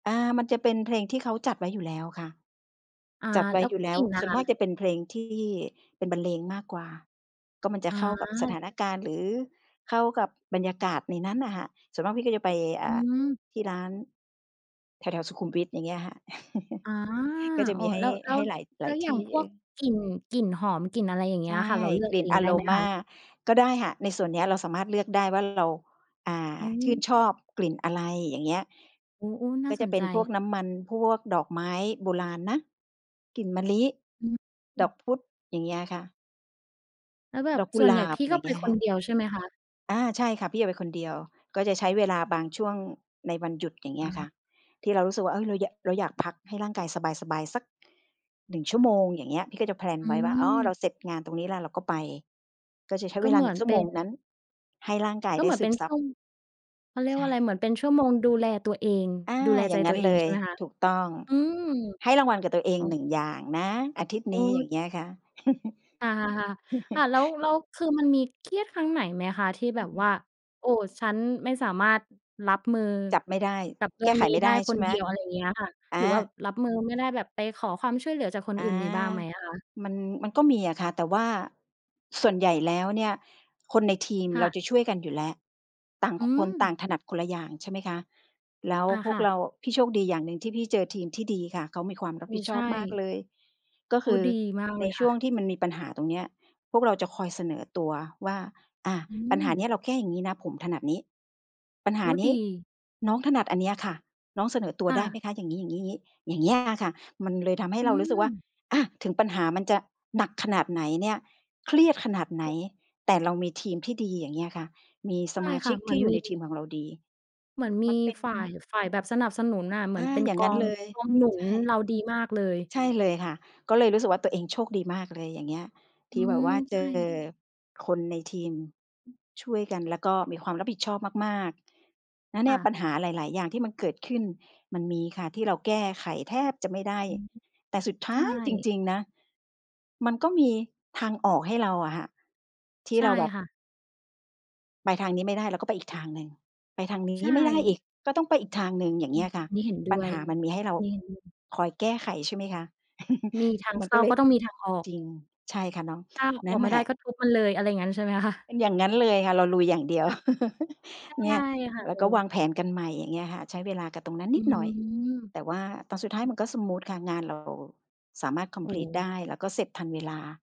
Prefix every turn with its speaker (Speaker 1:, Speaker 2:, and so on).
Speaker 1: อา มันจะเป็นเพลงที่เขาจัดไว้อยู่แล้วค่ะ
Speaker 2: อา
Speaker 1: จัดไว
Speaker 2: แ
Speaker 1: ้
Speaker 2: ล้ว
Speaker 1: อยู่แล้
Speaker 2: กล
Speaker 1: ว
Speaker 2: ิ่นล่
Speaker 1: ส
Speaker 2: ะ
Speaker 1: ่วน
Speaker 2: ค
Speaker 1: ม
Speaker 2: ะ?
Speaker 1: ากจะเป็นเพลงที่ เป็นบรรเลงมากกว่า ก็มันจะเข้ากับส
Speaker 2: อา
Speaker 1: ถานการณ์ หรือเข้ากับบรรยากาศในนั้นน่ะค่ะ ส่วนมากพี่ก็จะไป อ
Speaker 2: อ
Speaker 1: ่
Speaker 2: ื
Speaker 1: า
Speaker 2: ม
Speaker 1: ที่ร้าน แถว ๆ สุขุมวิท อย่างเงี้ยค่ะ
Speaker 2: อา
Speaker 1: ก็จะ
Speaker 2: อ
Speaker 1: ม
Speaker 2: ๋อ
Speaker 1: ีให้
Speaker 2: แล้ว แล้
Speaker 1: ให
Speaker 2: ว
Speaker 1: ้หลาย ห
Speaker 2: แ
Speaker 1: ล
Speaker 2: ล้
Speaker 1: าย
Speaker 2: วอ
Speaker 1: ท
Speaker 2: ย่า
Speaker 1: ี
Speaker 2: ง
Speaker 1: ่
Speaker 2: พ
Speaker 1: เอ
Speaker 2: วก
Speaker 1: อ
Speaker 2: กลิ่น กลิ่นหอม กลิ่นอะไรอย่างเง
Speaker 1: ใ
Speaker 2: ี้
Speaker 1: ช่
Speaker 2: ยอะค่ะ เราเลือ
Speaker 1: ก
Speaker 2: ก
Speaker 1: ลิ่
Speaker 2: เ
Speaker 1: น
Speaker 2: อง
Speaker 1: อ
Speaker 2: ได
Speaker 1: โ
Speaker 2: ้
Speaker 1: ร
Speaker 2: ไหม
Speaker 1: ม
Speaker 2: คะ?
Speaker 1: า ก็ได้ค่ะ ในส่วนนี้เราสามารถเลือกได้ว่า เรา อ่า
Speaker 2: อื
Speaker 1: ชื่นชอบ
Speaker 2: ม
Speaker 1: กลิ่นอะไร อย่างเงี้ย
Speaker 2: โอ้ ๆ น่
Speaker 1: ก็
Speaker 2: า
Speaker 1: จ
Speaker 2: ส
Speaker 1: ะ
Speaker 2: น
Speaker 1: เป็
Speaker 2: ใจ
Speaker 1: นพวกน้ำมัน พวกดอกไม้โบราณนะ กลิ่นมะลิ
Speaker 2: อ
Speaker 1: ด
Speaker 2: ื
Speaker 1: อ
Speaker 2: ม
Speaker 1: กพุด อย่างเงี้ยอะค่ะ
Speaker 2: แล้วแบ
Speaker 1: ด
Speaker 2: บ
Speaker 1: อกกุ
Speaker 2: ส่ว
Speaker 1: ห
Speaker 2: น
Speaker 1: ล
Speaker 2: ใหญ่
Speaker 1: า
Speaker 2: พ
Speaker 1: บ
Speaker 2: ี่
Speaker 1: อ
Speaker 2: ก
Speaker 1: ย่
Speaker 2: ็
Speaker 1: าง
Speaker 2: ไ
Speaker 1: เง
Speaker 2: ป
Speaker 1: ี้ย
Speaker 2: ค
Speaker 1: ค่
Speaker 2: น
Speaker 1: ะ
Speaker 2: เดียว ใช่ไหมคะ?
Speaker 1: อา ใช่ค่ะ พี่จะไปคนเดียว ก็จะใช้เวลาบางช่วงในวันหยุด อย่างเงี้
Speaker 2: อ
Speaker 1: ยค่
Speaker 2: า
Speaker 1: ะ ที่เรารู้สึกว่า เอ๊ย เรายะ เราอยากพักให้ร่างกายสบาย ๆ สัก 1 ชั่วโมง อย่างเงี้ย พี่ก็จะ แพลน
Speaker 2: อ
Speaker 1: ไว้ว่า "อ๋อ เรา
Speaker 2: ืม
Speaker 1: เสร็จงานตรงนี้แล้วเราก็ไป" ก็จะใช้
Speaker 2: ก
Speaker 1: เ
Speaker 2: ็
Speaker 1: วล
Speaker 2: เ
Speaker 1: า
Speaker 2: หม
Speaker 1: หน
Speaker 2: ื
Speaker 1: ึ
Speaker 2: อ
Speaker 1: ่ง
Speaker 2: น
Speaker 1: ชั่
Speaker 2: เ
Speaker 1: ว
Speaker 2: ป
Speaker 1: โ
Speaker 2: ็
Speaker 1: ม
Speaker 2: น
Speaker 1: ง
Speaker 2: ค่
Speaker 1: น
Speaker 2: ะ
Speaker 1: ั้น ให้ร่างกาย
Speaker 2: ก็
Speaker 1: ได
Speaker 2: เ
Speaker 1: ้
Speaker 2: หมือ
Speaker 1: ซ
Speaker 2: น
Speaker 1: ึ
Speaker 2: เป็
Speaker 1: ม
Speaker 2: น
Speaker 1: ซ
Speaker 2: ช
Speaker 1: ั
Speaker 2: ั
Speaker 1: บ
Speaker 2: ่ว เขาเรีย
Speaker 1: ใ
Speaker 2: ก
Speaker 1: ช
Speaker 2: ว่
Speaker 1: ่
Speaker 2: าอะไร
Speaker 1: ค่
Speaker 2: เ
Speaker 1: ะ
Speaker 2: หมือนเป็นชั่ว โมงดูแลตัวเอง
Speaker 1: อา
Speaker 2: ดูแล
Speaker 1: อ
Speaker 2: ใ
Speaker 1: ย่
Speaker 2: จ
Speaker 1: างง
Speaker 2: ต
Speaker 1: ั
Speaker 2: ั
Speaker 1: ้
Speaker 2: ว
Speaker 1: น
Speaker 2: เอ
Speaker 1: เล
Speaker 2: งใช
Speaker 1: ย
Speaker 2: ่ไหมคะ?
Speaker 1: ถูกต้อง
Speaker 2: อืม
Speaker 1: ให้รางวัลกับตัวเอ
Speaker 2: อ
Speaker 1: ง
Speaker 2: ๋อ
Speaker 1: 1 อย่างนะอาทิตย์
Speaker 2: โอ
Speaker 1: นี้
Speaker 2: ้
Speaker 1: อย่าง
Speaker 2: จ
Speaker 1: เงี้ยค่ะ
Speaker 2: อา ๆ ๆ ค่ะ แล้ว แล้ว คือมันมีเครียดครั้งไหนไหมคะที่แบบ
Speaker 1: อ
Speaker 2: ว่า
Speaker 1: ืม
Speaker 2: "โอ้ ฉันไม่สามารถรับมือ
Speaker 1: จับไม่ได้
Speaker 2: กับเร
Speaker 1: แ
Speaker 2: ื
Speaker 1: ก
Speaker 2: ่อ
Speaker 1: ้
Speaker 2: ง
Speaker 1: ไข
Speaker 2: นี้
Speaker 1: ไม่
Speaker 2: ได
Speaker 1: ได
Speaker 2: ้
Speaker 1: ้ใ
Speaker 2: ค
Speaker 1: ช่
Speaker 2: น
Speaker 1: ไหม?
Speaker 2: เดียว" อะไรอย่างเงี้ยค่ะ
Speaker 1: อ
Speaker 2: หรือว่า
Speaker 1: า
Speaker 2: รับมือ ไม่ได้แบบไปขอความช่วยเหลือจากคน
Speaker 1: อ
Speaker 2: อื
Speaker 1: า
Speaker 2: ่น มีบ้างไหมอะคะ?
Speaker 1: มัน มันก็มีอะค่ะ แต่ว่าส่วนใหญ่แล้วเนี่ย คนในทีม
Speaker 2: ค่
Speaker 1: เรา
Speaker 2: ะ
Speaker 1: จะช่วยกันอยู่แล้ว ต่าง
Speaker 2: อื
Speaker 1: คนต่
Speaker 2: ม
Speaker 1: างถนัดคนละอย่าง ใช่ไหมคะ แล้ว
Speaker 2: อา
Speaker 1: พ
Speaker 2: ค
Speaker 1: วก
Speaker 2: ่
Speaker 1: เร
Speaker 2: ะ
Speaker 1: า พี่โชคดีอย่างหนึ่งที่พี่เจอทีมที่ดีค่ะ เขามีความรับ
Speaker 2: อื
Speaker 1: ผิ
Speaker 2: อ
Speaker 1: ดช
Speaker 2: ใช
Speaker 1: อ
Speaker 2: ่
Speaker 1: บมากเลย ก็
Speaker 2: โ
Speaker 1: ค
Speaker 2: อ้
Speaker 1: ือ
Speaker 2: ดี มาก
Speaker 1: ใ
Speaker 2: เ
Speaker 1: น
Speaker 2: ลย
Speaker 1: ช
Speaker 2: ค
Speaker 1: ่
Speaker 2: ่
Speaker 1: ว
Speaker 2: ะ
Speaker 1: งที่มันมีปัญหาตรงเนี้ย พวกเราจะคอยเสนอตัวว่า "อา
Speaker 2: อื
Speaker 1: ปัญหาน
Speaker 2: ม
Speaker 1: ี้เราแค่อย่างงี้นะ ผมถนัดนี้ ปัญหา
Speaker 2: อุ๊ย
Speaker 1: นี
Speaker 2: ด
Speaker 1: ้
Speaker 2: ี
Speaker 1: น้องถนัดอันเนี้ยค่ะ น้องเสนอตัว
Speaker 2: ค่
Speaker 1: ได้
Speaker 2: ะ
Speaker 1: ไหมคะ?" อย่างงี้ ๆ ๆ อย่างเงี้ย อะค่ะ มันเลยทำให้
Speaker 2: อื
Speaker 1: เรารู้สึกว่า
Speaker 2: ม
Speaker 1: อา ถึงปัญหามันจะหนักขนาดไหนเนี่ย เครียดขนาดไหน
Speaker 2: แตะ
Speaker 1: แต่เรามีทีมที่ดี อย่างเงี้ยค่ะ มีส
Speaker 2: ใช่
Speaker 1: มา
Speaker 2: ค
Speaker 1: ช
Speaker 2: ่
Speaker 1: ิ
Speaker 2: ะ
Speaker 1: ก
Speaker 2: เห
Speaker 1: ท
Speaker 2: มื
Speaker 1: ี
Speaker 2: อ
Speaker 1: ่
Speaker 2: น
Speaker 1: อยู่
Speaker 2: มี
Speaker 1: ในทีมของเราดี
Speaker 2: เหมือนม
Speaker 1: มั
Speaker 2: ี
Speaker 1: น เป็น
Speaker 2: ฝ่าย ฝ่ายแบบสนับสนุนน่ะ เหมื
Speaker 1: อ
Speaker 2: อน
Speaker 1: า
Speaker 2: เป็น
Speaker 1: อย่าง
Speaker 2: ก
Speaker 1: งั
Speaker 2: อ
Speaker 1: ้น
Speaker 2: ง
Speaker 1: เลย
Speaker 2: กองหนุ
Speaker 1: ใ
Speaker 2: น
Speaker 1: ช่
Speaker 2: เรา ดีมากเลย
Speaker 1: ใช่เลยค่ะ ก็เลยรู้สึกว่าตัวเองโชคดีมากเลย อย่างเงี้ย ท
Speaker 2: อื
Speaker 1: ี่แบบ
Speaker 2: ม
Speaker 1: ว่าเ
Speaker 2: ใ
Speaker 1: จ
Speaker 2: ช
Speaker 1: อ
Speaker 2: ่
Speaker 1: คนในทีม ช่วยกัน แล้วก็มีความรับผิดชอบมาก ๆ แล้วเ
Speaker 2: ค
Speaker 1: นี่
Speaker 2: ่
Speaker 1: ยปั
Speaker 2: ะ
Speaker 1: ญหาหลาย ๆ อย่างที่มันเกิดขึ้น มันมีค่ะที่เราแก้ไขแทบจะไม่ได้
Speaker 2: อือ
Speaker 1: แต่สุดท
Speaker 2: ใช
Speaker 1: ้า
Speaker 2: ่
Speaker 1: ยจริง ๆ นะ มันก็มีทางออกให้เราอะค่ะ ที่
Speaker 2: ใช่
Speaker 1: เราแบบ
Speaker 2: ค่ะ
Speaker 1: ไปทางนี้ไม่ได้ เราก็ไปอีกทางหนึ่ง ไปทางนี
Speaker 2: ใช
Speaker 1: ้ไม่ได้อ
Speaker 2: ่
Speaker 1: ีก ก็ต้องไปอีกทางหนึ่ง อย่า
Speaker 2: อ
Speaker 1: งเ
Speaker 2: ื
Speaker 1: งี้
Speaker 2: อ
Speaker 1: ยค่ะ
Speaker 2: นี่เห็นด
Speaker 1: ปัญ
Speaker 2: ้ว
Speaker 1: ห
Speaker 2: ย
Speaker 1: ามันมีให้เรา
Speaker 2: นี่เห็นด้วย
Speaker 1: คอยแก้ไขใช่ไหมคะ
Speaker 2: มีทาง
Speaker 1: มั
Speaker 2: เ
Speaker 1: น
Speaker 2: ข
Speaker 1: ก
Speaker 2: ้
Speaker 1: ็
Speaker 2: า
Speaker 1: เลย
Speaker 2: ก็ต้องมีทางออก
Speaker 1: จริง ใช่ค่ะน้อง
Speaker 2: ถ้า
Speaker 1: น
Speaker 2: อ
Speaker 1: ั
Speaker 2: อ
Speaker 1: ่น
Speaker 2: ก
Speaker 1: แ
Speaker 2: ไม
Speaker 1: ห
Speaker 2: ่
Speaker 1: ล
Speaker 2: ได้
Speaker 1: ะ
Speaker 2: ก็ทุบมันเลย อะไรอย่างงั้นใช่ไหม คะ?
Speaker 1: เป็นอย่างงั้นเลยค่ะ เราลุยอย่างเดียว
Speaker 2: อ ใช่
Speaker 1: เนี่ย
Speaker 2: ค่ะ
Speaker 1: แล้
Speaker 2: โอ
Speaker 1: ว
Speaker 2: ้
Speaker 1: ก็วางแผนกันใหม่ อย่างเงี้ยค่ะ ใช้เวลากับตรงนั้นน
Speaker 2: อื
Speaker 1: ิดหน่อย
Speaker 2: ม
Speaker 1: แต่ว่าตอนสุดท้ายมันก็สมู
Speaker 2: อ
Speaker 1: ทค่ะ งานเรา สามารถ คอ
Speaker 2: โ
Speaker 1: ม
Speaker 2: อ
Speaker 1: พลีต ไ
Speaker 2: ้
Speaker 1: ด้ แล้วก็เสร็จทันเวลา